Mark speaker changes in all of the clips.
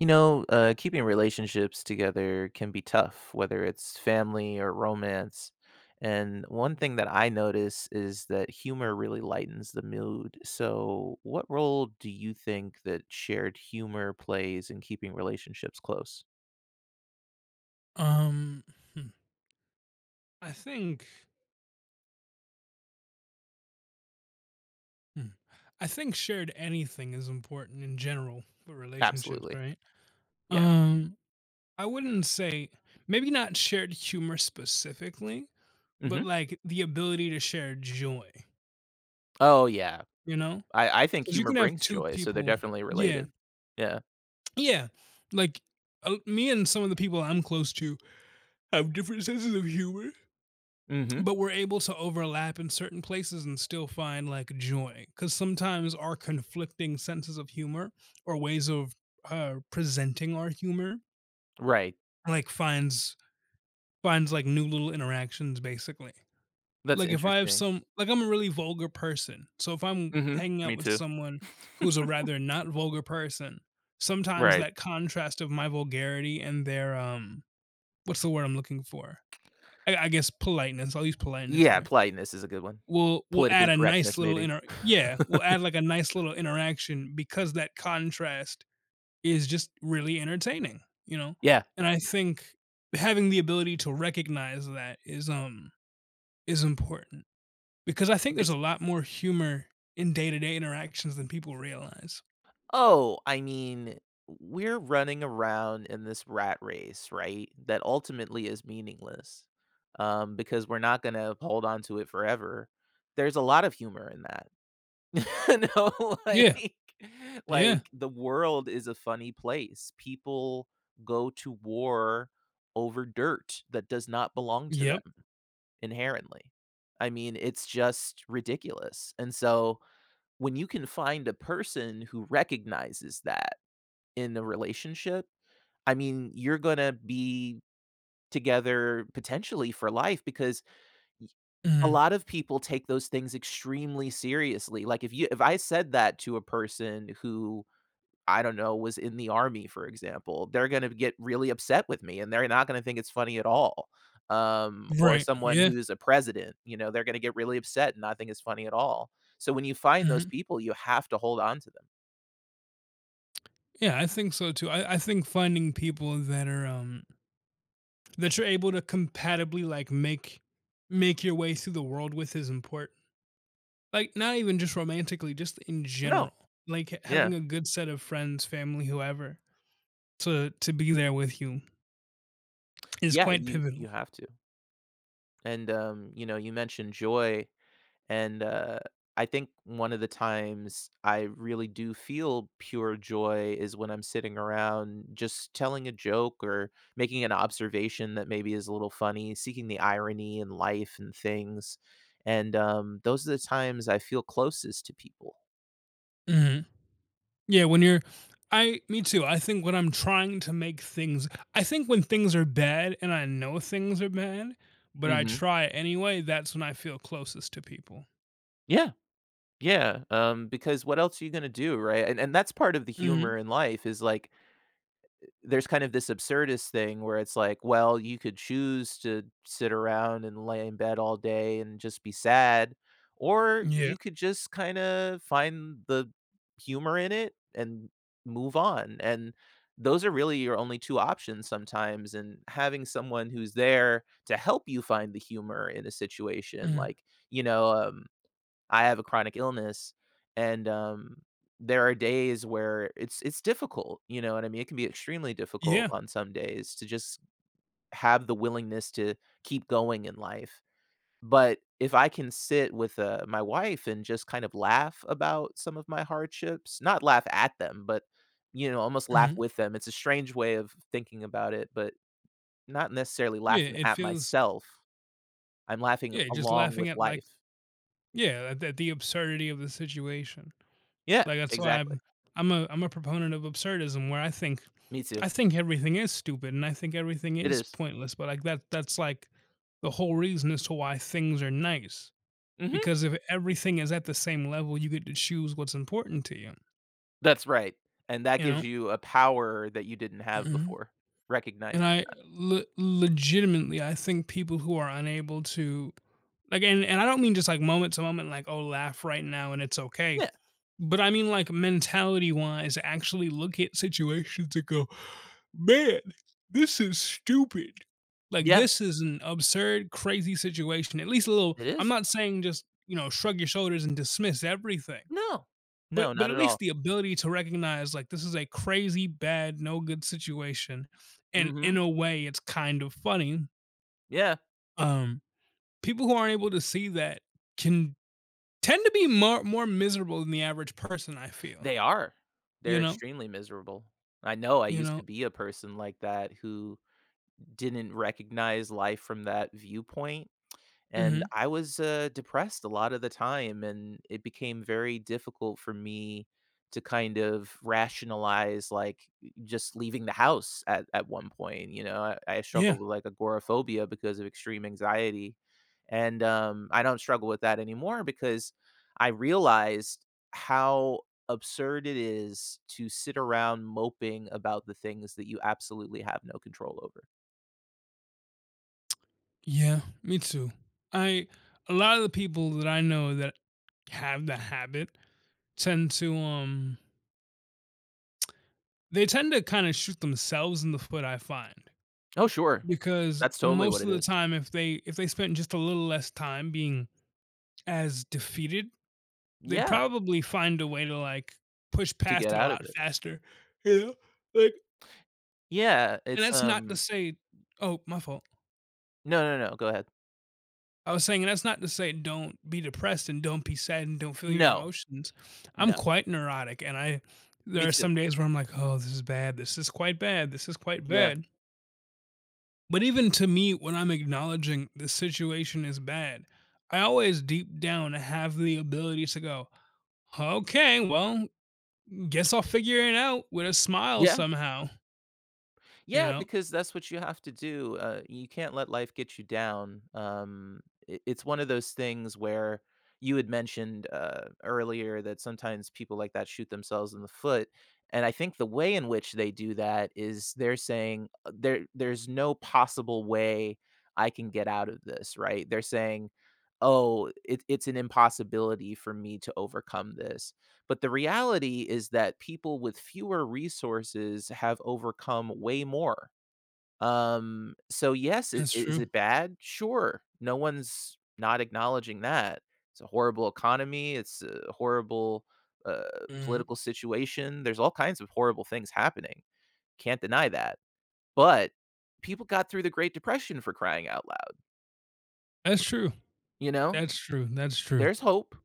Speaker 1: You know, uh, keeping relationships together can be tough, whether it's family or romance. And one thing that I notice is that humor really lightens the mood. So, what role do you think that shared humor plays in keeping relationships close?
Speaker 2: Um. Hmm. I think Mm. I think shared anything is important in general for relationships,
Speaker 1: Absolutely.
Speaker 2: right?
Speaker 1: Yeah.
Speaker 2: Um, I wouldn't say maybe not shared humor specifically, but
Speaker 1: Mhm.
Speaker 2: like, the ability to share joy.
Speaker 1: Oh, yeah.
Speaker 2: You know?
Speaker 1: I I think
Speaker 2: 'Cause you
Speaker 1: humor
Speaker 2: can have
Speaker 1: brings
Speaker 2: 2
Speaker 1: joy, so they're
Speaker 2: people
Speaker 1: definitely
Speaker 2: Yeah.
Speaker 1: related. Yeah.
Speaker 2: Yeah. Like, uh me and some of the people I'm close to have different senses of humor,
Speaker 1: Mhm.
Speaker 2: but we're able to overlap in certain places and still find, like, joy. 'Cause sometimes our conflicting senses of humor or ways of, er, presenting our humor
Speaker 1: Right.
Speaker 2: like finds finds, like, new little interactions, basically.
Speaker 1: That's
Speaker 2: Like, if I have
Speaker 1: interesting.
Speaker 2: some like, I'm a really vulgar person. So if I'm
Speaker 1: Mhm.
Speaker 2: hanging out
Speaker 1: Me
Speaker 2: with
Speaker 1: too.
Speaker 2: someone who's a rather not vulgar person, sometimes
Speaker 1: Right.
Speaker 2: that contrast of my vulgarity and their, um what's the word I'm looking for? I I guess, politeness- I'll use politeness
Speaker 1: Yeah.
Speaker 2: here-
Speaker 1: Politeness is a good one.
Speaker 2: will will add
Speaker 1: Politically
Speaker 2: a nice
Speaker 1: correctness,
Speaker 2: little
Speaker 1: maybe.
Speaker 2: inter Yeah. Will add, like, a nice little interaction because that contrast is just really entertaining. You know?
Speaker 1: Yeah.
Speaker 2: And I think having the ability to recognize that is, um, is important because I think there's
Speaker 1: It's
Speaker 2: a lot more humor in day-to-day interactions than people realize.
Speaker 1: Oh, I mean, w we're running around in this rat race, right, that ultimately is meaningless, um, because we're not gonna uphold on to it forever. There's a lot of humor in that. Know
Speaker 2: Yeah.
Speaker 1: like
Speaker 2: Yeah.
Speaker 1: like, the world is a funny place. People go to war over dirt that does not belong to
Speaker 2: Yep.
Speaker 1: them inherently. I mean, it's just ridiculous. And so when you can find a person who recognizes that, in the relationship, I mean you're gonna be together potentially for life because ye a
Speaker 2: Mhm.
Speaker 1: lot of people take those things extremely seriously, like, if you if I said that to a person who, I don't know, was in the army for example, they're gonna get really upset with me and they're not gonna think it's funny at all. Um, or
Speaker 2: Right,
Speaker 1: someone
Speaker 2: yeah.
Speaker 1: who's a president, you know, they're gonna get really upset and not think it's funny at all. So when you find those
Speaker 2: Mhm.
Speaker 1: people, you have to hold on to them.
Speaker 2: Yeah. I think so too. I I think finding people that are, um that you're able to compatibly, like, make make your way through the world with is important. Like, not even just romantically, just in
Speaker 1: No.
Speaker 2: general. Like, h
Speaker 1: Yeah.
Speaker 2: having a good set of friends, family, whoever, to to be there with you is
Speaker 1: Yeah,
Speaker 2: quite
Speaker 1: you
Speaker 2: pivotal.
Speaker 1: you have to. And, um, you know you mentioned joy and, uh, I think one of the times I really do feel pure joy is when I'm sitting around just telling a joke or making an observation that maybe is a little funny, seeking the irony in life and things and, um, those are the times I feel closest to people.
Speaker 2: Mhm. Yeah. When you're I me too. I think when I'm trying to make things I think when things are bad and I know things are bad, but I
Speaker 1: Mhm.
Speaker 2: try anyway, that's when I feel closest to people.
Speaker 1: Yeah. Yeah. Um, because what else are you gonna do, right, and and that's part of the
Speaker 2: Mhm.
Speaker 1: humor in life is like uh, there's kind of this absurdist thing where it's like, well, you could choose to sit around and lay in bed all day and just be sad or
Speaker 2: Yep.
Speaker 1: you could just kinda find the humor in it and move on, and those are really your only 2 options sometimes and having someone who's there to help you find the humor in a situation,
Speaker 2: Mhm.
Speaker 1: like, you know, um, I have a chronic illness and, um, there are days where it's it's difficult, you know what I mean? It can be extremely difficult
Speaker 2: Yeah.
Speaker 1: on some days to just, have the willingness to keep going in life. But if I can sit with, uh, my wife and just kind of laugh about some of my hardships, not laugh at them but you know almost laugh
Speaker 2: Mhm.
Speaker 1: with them, it's a strange way of thinking about it but not necessarily
Speaker 2: Yeah,
Speaker 1: laughing
Speaker 2: it
Speaker 1: at
Speaker 2: feels
Speaker 1: myself. I'm laughing
Speaker 2: Yeah, your just
Speaker 1: along
Speaker 2: laughing
Speaker 1: with
Speaker 2: at like
Speaker 1: life.
Speaker 2: Yeah, tha that the absurdity of the situation.
Speaker 1: Yeah.
Speaker 2: Like, that's why
Speaker 1: Exactly.
Speaker 2: I'm I'm a I'm a proponent of absurdism where I think
Speaker 1: Me too.
Speaker 2: I think everything is stupid and I think everything
Speaker 1: It
Speaker 2: is
Speaker 1: is.
Speaker 2: pointless, but like that that's like the whole reason as to why things are nice.
Speaker 1: Mhm.
Speaker 2: Because if everything is at the same level, you get to choose what's important to you
Speaker 1: That's right, and that
Speaker 2: you
Speaker 1: gives
Speaker 2: know?
Speaker 1: you a power that you didn't have
Speaker 2: Mhm.
Speaker 1: before,
Speaker 2: And
Speaker 1: recognizing
Speaker 2: I
Speaker 1: that.
Speaker 2: le legitimately, I think people who are unable to again, and I don't mean just like moment to moment, like, oh, laugh right now and it's okay.
Speaker 1: Yeah.
Speaker 2: But I mean, like, mentality wise, actually look at situations to go, "Man, this is stupid. Like,
Speaker 1: Yeah.
Speaker 2: this is an absurd, crazy situation." At least a little
Speaker 1: It
Speaker 2: I'm
Speaker 1: is.
Speaker 2: not saying just, you know, shrug your shoulders and dismiss everything.
Speaker 1: No.
Speaker 2: But
Speaker 1: No.
Speaker 2: but
Speaker 1: Not
Speaker 2: at
Speaker 1: at all.
Speaker 2: least the ability to recognize, like, this is a crazy bad, no good situation, and in
Speaker 1: Mhm.
Speaker 2: a way, it's kind of funny.
Speaker 1: Yeah.
Speaker 2: Um, people who aren't able to see that can tend to be mar more miserable than the average person, I feel.
Speaker 1: They are.
Speaker 2: You
Speaker 1: They're
Speaker 2: know?
Speaker 1: extremely miserable. I know, I
Speaker 2: You
Speaker 1: used to
Speaker 2: know
Speaker 1: be a person like that who didn't recognize life from that viewpoint, and
Speaker 2: Mhm.
Speaker 1: I was, uh, depressed a lotta the time and it became very difficult for me to kind of rationalize, like, just leaving the house at at one point, you know, I I
Speaker 2: Yeah.
Speaker 1: struggled with like agoraphobia because of extreme anxiety, and, um, I don't struggle with that anymore because I realized how absurd it is to sit around moping about the things that you absolutely have no control over.
Speaker 2: Yeah, me too. I a lotta the people that I know that have the habit tend to, um they tend to kinda shoot themselves in the foot, I find.
Speaker 1: Oh, sure.
Speaker 2: Because
Speaker 1: That's totally what
Speaker 2: most
Speaker 1: it
Speaker 2: of the
Speaker 1: is.
Speaker 2: time, if they if they spent just a little less time being as defeated, they'd
Speaker 1: Yeah.
Speaker 2: probably find a way to, like, push
Speaker 1: To
Speaker 2: past
Speaker 1: get
Speaker 2: it a
Speaker 1: out of
Speaker 2: lot
Speaker 1: it.
Speaker 2: faster, you know, like
Speaker 1: Yeah,
Speaker 2: and
Speaker 1: it's,
Speaker 2: that's not to
Speaker 1: um
Speaker 2: say Oh, my fault.
Speaker 1: No, no, no, go ahead.
Speaker 2: I was saying, and that's not to say don't be depressed, and don't be sad, and don't feel your
Speaker 1: No.
Speaker 2: emotions. I'm
Speaker 1: No.
Speaker 2: quite neurotic, and I there
Speaker 1: Me
Speaker 2: are
Speaker 1: too.
Speaker 2: some days where I'm like, "Oh, this is bad. This is quite bad. This is quite
Speaker 1: Yeah.
Speaker 2: bad." But even to me, when I'm acknowledging the situation is bad, I always, deep down, have the ability to go, "Okay, well, guess I'll figure it out with a smile
Speaker 1: Yeah.
Speaker 2: somehow." Ya
Speaker 1: Yeah,
Speaker 2: know?
Speaker 1: because that's what you have to do, uh, you can't let life get you down, um, it it's one of those things where, you had mentioned, uh, earlier that sometimes people like that shoot themselves in the foot, and I think the way in which they do that is, they're saying, "There there's no possible way I can get out of this," right? They're saying, "Oh, it it's an impossibility for me to overcome this." But the reality is that people with fewer resources have overcome way more. Um, so yes, i
Speaker 2: That's
Speaker 1: is
Speaker 2: true.
Speaker 1: it bad? Sure, no one's not acknowledging that. It's a horrible economy, it's a horrible, uh,
Speaker 2: Mhm.
Speaker 1: political situation, there's all kinds of horrible things happening. Can't deny that, but people got through the great depression for crying out loud.
Speaker 2: That's true.
Speaker 1: You know?
Speaker 2: That's true, that's true.
Speaker 1: There's hope.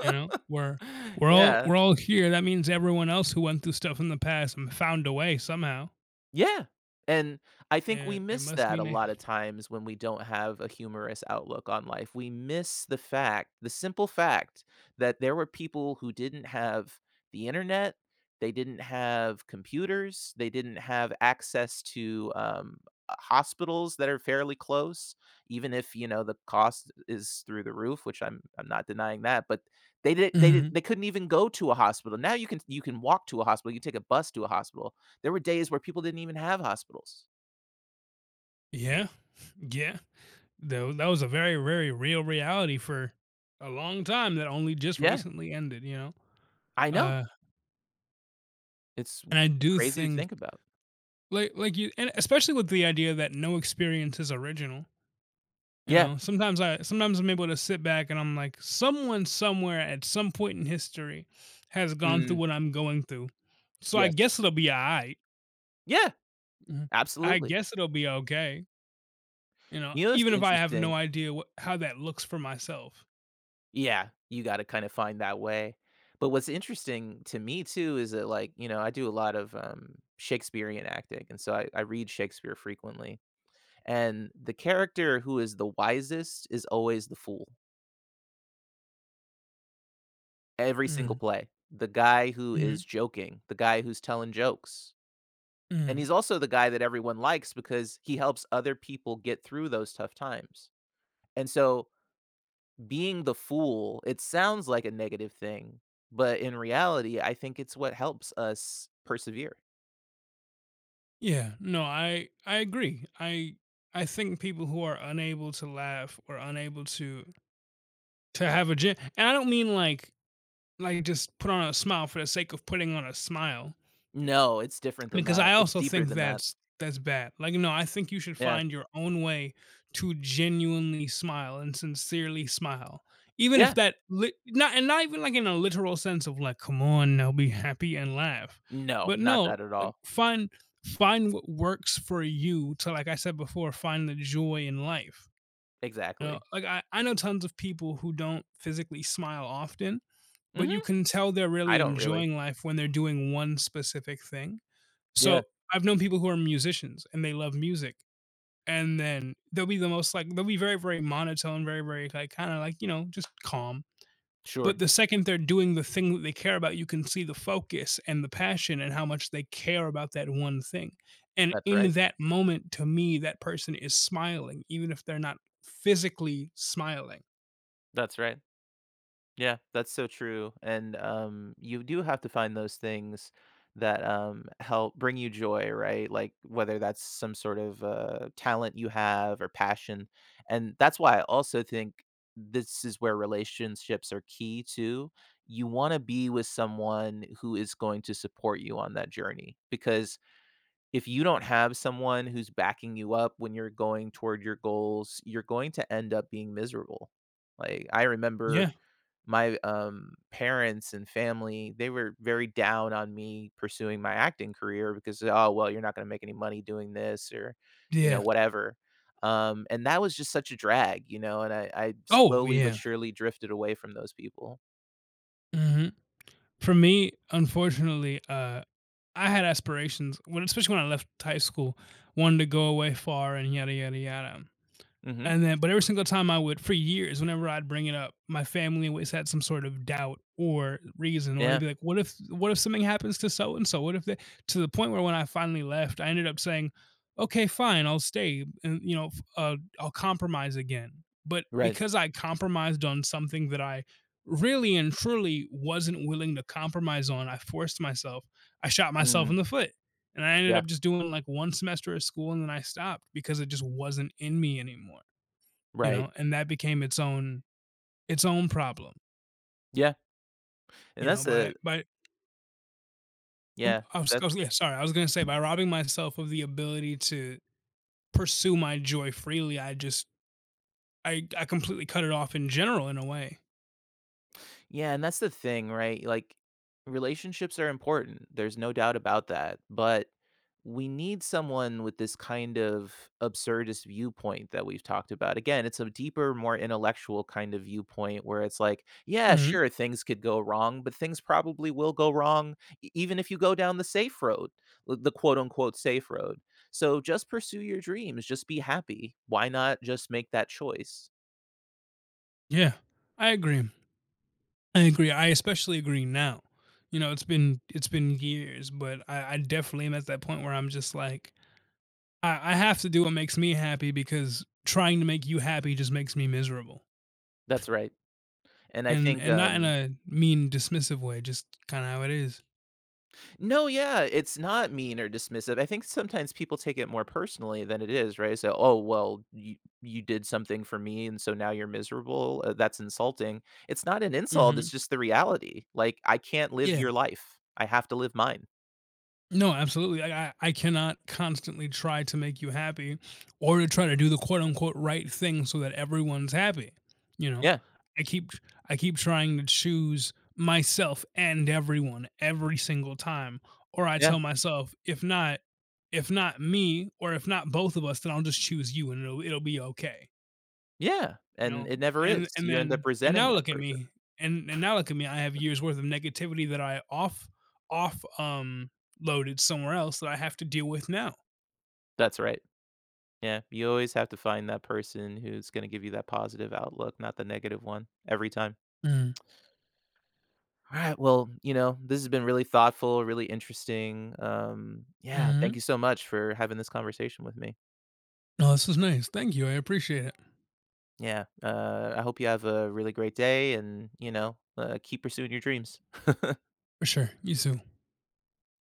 Speaker 2: You know, we're we're all
Speaker 1: Yeah.
Speaker 2: we're all here, that means everyone else who went through stuff in the past and found a way somehow.
Speaker 1: Yeah. And I think we
Speaker 2: An it
Speaker 1: miss
Speaker 2: must
Speaker 1: that a
Speaker 2: mean a
Speaker 1: lotta times when we don't have a humorous outlook on life, we miss the fact the simple fact that there were people who didn't have the internet, they didn't have computers, they didn't have access to, um, uh, hospitals that are fairly close, even if, you know, the cost is through the roof, which I'm I'm not denying that, but they did they di
Speaker 2: Mhm.
Speaker 1: they couldn't even go to a hospital, now you can you can walk to a hospital, you take a bus to a hospital. There were days where people didn't even have hospitals.
Speaker 2: Yeah. Yeah. Tha that was a very, very real reality for a long time that only just
Speaker 1: Yeah.
Speaker 2: recently ended, you know?
Speaker 1: I know.
Speaker 2: Uh.
Speaker 1: It's
Speaker 2: And I do
Speaker 1: crazy to
Speaker 2: think
Speaker 1: think about.
Speaker 2: like like, you and especially with the idea that no experience is original you
Speaker 1: Yeah.
Speaker 2: know? Sometimes I sometimes I'm able to sit back and I'm like, "Someone somewhere, at some point in history, has gone through
Speaker 1: Mm.
Speaker 2: what I'm going through. So I
Speaker 1: Yes.
Speaker 2: guess it'll be aight."
Speaker 1: Yeah,
Speaker 2: Mhm. I
Speaker 1: absolutely.
Speaker 2: guess it'll be okay You know,
Speaker 1: You know what's
Speaker 2: even if I have
Speaker 1: interesting?
Speaker 2: no idea wha how that looks for myself.
Speaker 1: Yeah, you gotta kind of find that way. But what's interesting to me, too, is that, like, you know, I do a lot of, um, Shakespearean acting and so I I read Shakespeare frequently, and the character who is the wisest is always the fool every single
Speaker 2: Mm.
Speaker 1: play. The guy who
Speaker 2: Mhm.
Speaker 1: is joking, the guy who's telling jokes. And
Speaker 2: Mhm.
Speaker 1: he's also the guy that everyone likes, because he helps other people get through those tough times. And so, being the fool, it sounds like a negative thing, but in reality I think it's what helps us persevere.
Speaker 2: Yeah. No. I I agree. I I think people who are unable to laugh or unable to to have a ge and I don't mean like like, just put on a smile for the sake of putting on a smile
Speaker 1: No, it's different than
Speaker 2: because I
Speaker 1: that, it's
Speaker 2: also
Speaker 1: deeper
Speaker 2: think
Speaker 1: than that.
Speaker 2: that's that's bad. Like, no, I think you should
Speaker 1: Yeah.
Speaker 2: find your own way to genuinely smile and sincerely smile, even if
Speaker 1: Yeah.
Speaker 2: that li no and not even like in a literal sense of like, "Come on now be happy and laugh,"
Speaker 1: No.
Speaker 2: but
Speaker 1: Not
Speaker 2: no,
Speaker 1: that at
Speaker 2: like
Speaker 1: all.
Speaker 2: find find what works for you to, like I said before, "Find the joy in life." You know?
Speaker 1: Exactly.
Speaker 2: Like, I I know tons of people who don't physically smile often, but
Speaker 1: Mhm.
Speaker 2: you can tell they're
Speaker 1: I
Speaker 2: really
Speaker 1: don't really.
Speaker 2: enjoying life when they're doing one specific thing.
Speaker 1: Yeah.
Speaker 2: So, I've known people who are musicians, and they love music, and then they'll be the most like they'll be very, very monotone, very, very, like, kinda like, you know, just calm.
Speaker 1: Sure.
Speaker 2: But the second they're doing the thing that they care about, you can see the focus and the passion and how much they care about that one thing, and
Speaker 1: That's
Speaker 2: in
Speaker 1: right.
Speaker 2: that moment, to me, that person is smiling, even if they're not physically smiling.
Speaker 1: That's right. Yeah. That's so true, and, um, you do have to find those things that, um, help bring you joy, right? Like, whether that's some sort of, uh, talent you have or passion, and that's why I also think this is where relationships are key, too. You wanna be with someone who is going to support you on that journey because if you don't have someone who's backing you up when you're going toward your goals, you're going to end up being miserable, like, I remember
Speaker 2: Yeah.
Speaker 1: my, um, parents and family, they were very down on me pursuing my acting career because, "Oh, well, you're not gonna make any money doing this" or, you know,
Speaker 2: Yeah.
Speaker 1: whatever. Um, and that was just such a drag, you know, and I I
Speaker 2: Oh, w
Speaker 1: slowly but
Speaker 2: yeah.
Speaker 1: surely drifted away from those people.
Speaker 2: Mhm. For me, unfortunately, uh, I had aspirations when especially when I left high school, wanted to go away far and yada yada yada;
Speaker 1: Mhm.
Speaker 2: and then but every single time I would for years, whenever I'd bring it up, my family always had some sort of doubt or reason, or they'd
Speaker 1: Yeah.
Speaker 2: be like, "What if what if something happens to so and so? What if they" to the point where when I finally left, I ended up saying, "Okay, fine, I'll stay, and, you know, f uh, I'll compromise again." But
Speaker 1: Right.
Speaker 2: because I compromised on something that I really and truly wasn't willing to compromise on, I forced myself, I shot myself
Speaker 1: Mm.
Speaker 2: in the foot, and I ended
Speaker 1: Yeah.
Speaker 2: up just doing, like, 1 semester of school and then I stopped because it just wasn't in me anymore, you
Speaker 1: Right.
Speaker 2: know, and that became its own its own problem.
Speaker 1: Yeah, and
Speaker 2: You know,
Speaker 1: that's
Speaker 2: by
Speaker 1: a
Speaker 2: by oomp
Speaker 1: Yeah.
Speaker 2: Oh, I'm sc oh,
Speaker 1: That's
Speaker 2: yeah, sorry. I was gonna say by robbing myself of the ability to pursue my joy freely, I just I d I completely cut it off in general, in a way.
Speaker 1: Yeah, and that's the thing, right? Like, relationships are important. There's no doubt about that. But, we need someone with this kind of absurdist viewpoint that we've talked about. Again, it's a deeper, more intellectual kind of viewpoint where it's, like, yeah,
Speaker 2: Mhm.
Speaker 1: sure, things could go wrong, but things probably will go wrong e even if you go down the safe road. Uh, the quote unquote, "safe road" so, just pursue your dreams. Just be happy. Why not just make that choice?
Speaker 2: Yeah, I agree. I agree. I especially agree now. You know, it's been it's been years, but I I definitely am at that point where I'm just, like, I I have to do what makes me happy, because trying to make you happy just makes me miserable.
Speaker 1: That's right. And I
Speaker 2: And
Speaker 1: think,
Speaker 2: and not in
Speaker 1: um
Speaker 2: a mean, dismissive way, just kinda how it is.
Speaker 1: No, yeah. It's not mean or dismissive. I think sometimes people take it more personally than it is, right? So, "Oh, well, you you did something for me, and so now you're miserable? Uh, that's insulting." It's not an insult,
Speaker 2: Mhm.
Speaker 1: it's just the reality. Like, I can't live
Speaker 2: Yeah.
Speaker 1: your life. I have to live mine.
Speaker 2: No, absolutely. I I I cannot constantly try to make you happy, or to try to do the quote unquote, "right thing" so that everyone's happy, you know?
Speaker 1: Yeah.
Speaker 2: I keep tr I keep trying to choose myself, and everyone, every single time, or I
Speaker 1: Yeah.
Speaker 2: tell myself, if not if not me, or if not both of us, then I'll just choose you, and it'll it'll be okay.
Speaker 1: Yeah,
Speaker 2: You
Speaker 1: and
Speaker 2: know?
Speaker 1: it never
Speaker 2: And
Speaker 1: is.
Speaker 2: and
Speaker 1: You end up
Speaker 2: then and
Speaker 1: resenting
Speaker 2: now
Speaker 1: that
Speaker 2: look at
Speaker 1: person.
Speaker 2: me, and and now look at me. I have years worth of negativity that I off off, um, loaded somewhere else that I have to deal with now.
Speaker 1: That's right. Yeah, you always have to find that person who's gonna give you that positive outlook, not the negative one, every time.
Speaker 2: Mm.
Speaker 1: Alright. Well, you know, this has been really thoughtful, really interesting. Um, yeah, thank
Speaker 2: Mhm.
Speaker 1: you so much for having this conversation with me.
Speaker 2: No, this was nice. Thank you, I appreciate it.
Speaker 1: Yeah. Uh, I hope you have a really great day, and, you know, uh, keep pursuing your dreams.
Speaker 2: For sure, you too.